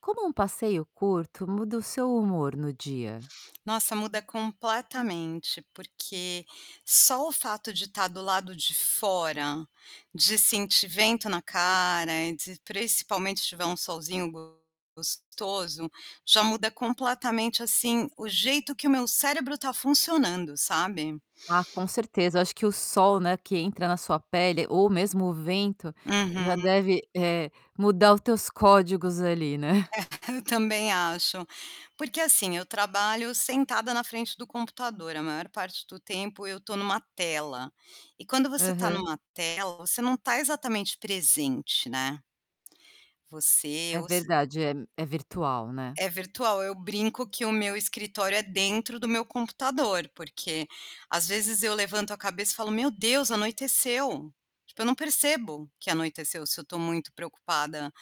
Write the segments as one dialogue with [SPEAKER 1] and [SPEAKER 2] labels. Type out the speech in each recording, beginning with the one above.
[SPEAKER 1] Como uma passeio curto muda o seu humor no dia?
[SPEAKER 2] Nossa, muda completamente, porque só o fato de estar do lado de fora, de sentir vento na cara, de principalmente se tiver um solzinho gostoso, já muda completamente assim o jeito que o meu cérebro está funcionando, sabe.
[SPEAKER 1] Ah, com certeza eu acho que o sol, né, que entra na sua pele ou mesmo o vento, já
[SPEAKER 2] Uhum.
[SPEAKER 1] deve, eh, mudar os teus códigos ali, né.
[SPEAKER 2] Eu também acho. Porque assim, eu trabalho sentada na frente do computador, a maior parte do tempo eu estou em uma tela e quando você está em
[SPEAKER 1] Aham.
[SPEAKER 2] uma tela, você não está exatamente presente, né. Você
[SPEAKER 1] É
[SPEAKER 2] ou se
[SPEAKER 1] verdade, é é virtual, né.
[SPEAKER 2] É virtual, eu brinco que o meu escritório é dentro do meu computador, porque às vezes eu levanto a cabeça e falo: "Meu Deus, anoiteceu". Tipo, eu não percebo que anoiteceu, se eu estou muito preocupada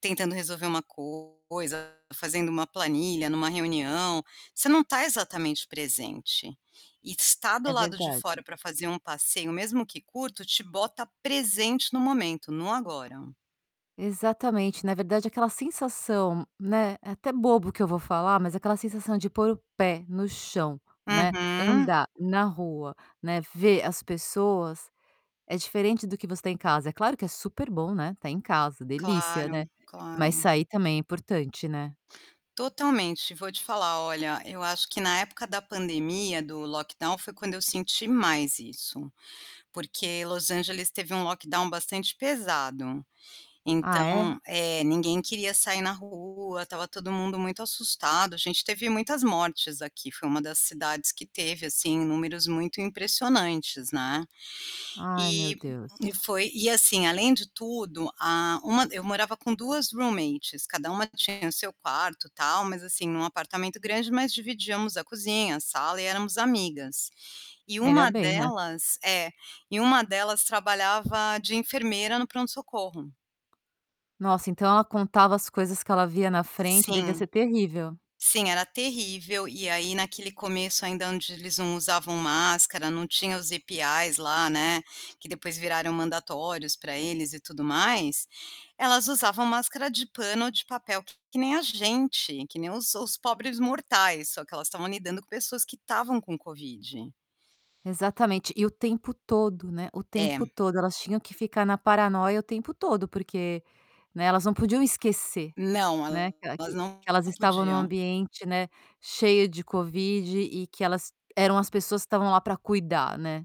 [SPEAKER 2] tentando resolver uma coisa, fazendo uma planilha em uma reunião, você não está exatamente presente. E estar do
[SPEAKER 1] É
[SPEAKER 2] lado de
[SPEAKER 1] verdade.
[SPEAKER 2] fora para fazer um passeio mesmo que curto te bota presente no momento, no agora.
[SPEAKER 1] Exatamente, na verdade aquela sensação, né, é até bobo o que eu vou falar mas aquela sensação de pôr o pé no chão, né,
[SPEAKER 2] Uhum.
[SPEAKER 1] andar na rua, né, ver as pessoas, é diferente do que você tem em casa, é claro que é super bom, né, estar em casa, delícia,
[SPEAKER 2] Claro,
[SPEAKER 1] né. Mas
[SPEAKER 2] claro.
[SPEAKER 1] sair também é importante, né.
[SPEAKER 2] Totalmente, vou te falar olha, eu acho que na época da pandemia do lockdown foi quando eu senti mais isso. Porque Los Angeles teve um lockdown bastante pesado. Então,
[SPEAKER 1] Ah é?
[SPEAKER 2] eh, ninguém queria sair na rua, estava todo mundo muito assustado, a gente teve muitas mortes aqui, foi uma das cidades que teve assim números muito impressionantes, né.
[SPEAKER 1] Ai meu
[SPEAKER 2] E
[SPEAKER 1] Deus.
[SPEAKER 2] e foi e assim, além de tudo, a uma eu morava com 2, roommates cada uma tinha o seu quarto, tal mas assim em um apartamento grande mas dividíamos a cozinha, a sala e éramos amigas. E
[SPEAKER 1] Ainda
[SPEAKER 2] uma
[SPEAKER 1] bem, né.
[SPEAKER 2] delas é, e uma delas trabalhava de enfermeira no pronto-socorro.
[SPEAKER 1] Nossa então ela contava as coisas que ela via na frente, devia ser
[SPEAKER 2] Sim,
[SPEAKER 1] terrível.
[SPEAKER 2] sim era terrível e aí naquele começo ainda onde eles não usavam máscara, não tinha os IPAs lá, né, que depois viraram mandatórios para eles e tudo mais, elas usavam máscara de pano ou de papel que nem a gente, que nem os os pobres mortais, só que elas estavam lidando com pessoas que estavam com covid.
[SPEAKER 1] Exatamente, e o tempo todo, né, o tempo
[SPEAKER 2] É.
[SPEAKER 1] todo, elas tinham que ficar na paranoia o tempo todo porque, né, elas não podiam esquecer,
[SPEAKER 2] Não,
[SPEAKER 1] né, que ela
[SPEAKER 2] elas
[SPEAKER 1] que
[SPEAKER 2] não
[SPEAKER 1] que elas estavam em um
[SPEAKER 2] podiam.
[SPEAKER 1] ambiente, né, cheia de Covid e que elas eram as pessoas que estavam lá para cuidar, né.